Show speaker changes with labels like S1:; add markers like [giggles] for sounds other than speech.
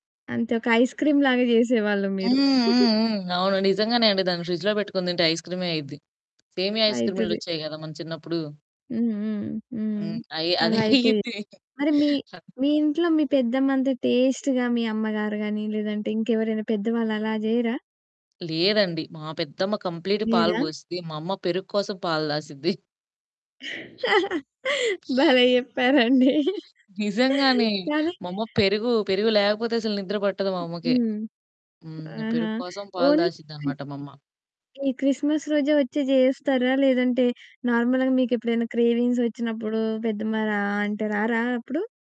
S1: అంతే ఒక ఐస్‌క్రీమ్‌లాగా జేసేవాళ్ళు
S2: హ్మ్.
S1: మీరు.
S2: హ్మ్.
S1: [giggles]
S2: హ్మ్. అవును. నిజంగానే అండి. దాన్ని ఫ్రిడ్జ్‌లో పెట్టుకొని తింటే ఐస్‌క్రీమే అయిద్ది. సేమియా
S1: అయితది.
S2: ఐస్‌క్రీమ్‌లొచ్చాయి గదా! మన చిన్నప్పుడు.
S1: హ్మ్, హ్మ్. హ్మ్.
S2: హ్మ్. అయి అదే
S1: అలా అయిపోయి.
S2: అయిద్ది.
S1: మరి మీ మీ ఇంట్లో మీ పెద్దమ్మంత టేస్ట్‌గా మీ అమ్మగారుగాని, లేదంటే ఇంకెవరైనా పెద్దవాళ్ళు అలా జెయ్యరా?
S2: లేదండి. మా పెద్దమ్మ కంప్లీట్ పాలు
S1: లేదా?
S2: పోసిద్ది. మా అమ్మ పెరుగు కోసం పాలు దాసిద్ది.
S1: భలే చెప్పారండి! అదే.
S2: నిజంగానే.
S1: కదా!
S2: మా అమ్మ పెరుగు పెరుగు లేకపోతే అసలు నిద్ర పట్టదు మా అమ్మకి.
S1: హ్మ్.
S2: హ్మ్.
S1: ఆహా!
S2: పెరుగు కోసం పాలు
S1: ఓన్లీ క్రిస్
S2: దాసిద్దన్నమాట మా అమ్మ.
S1: ఈ క్రిస్మస్ రోజే వచ్చి జేస్తారా? లేదంటే నార్మల్‌గా మీకు ఎప్పుడైనా క్రేవింగ్స్ వచ్చినప్పుడు పెద్దమ్మ రా అంటే, రారా అప్పుడు?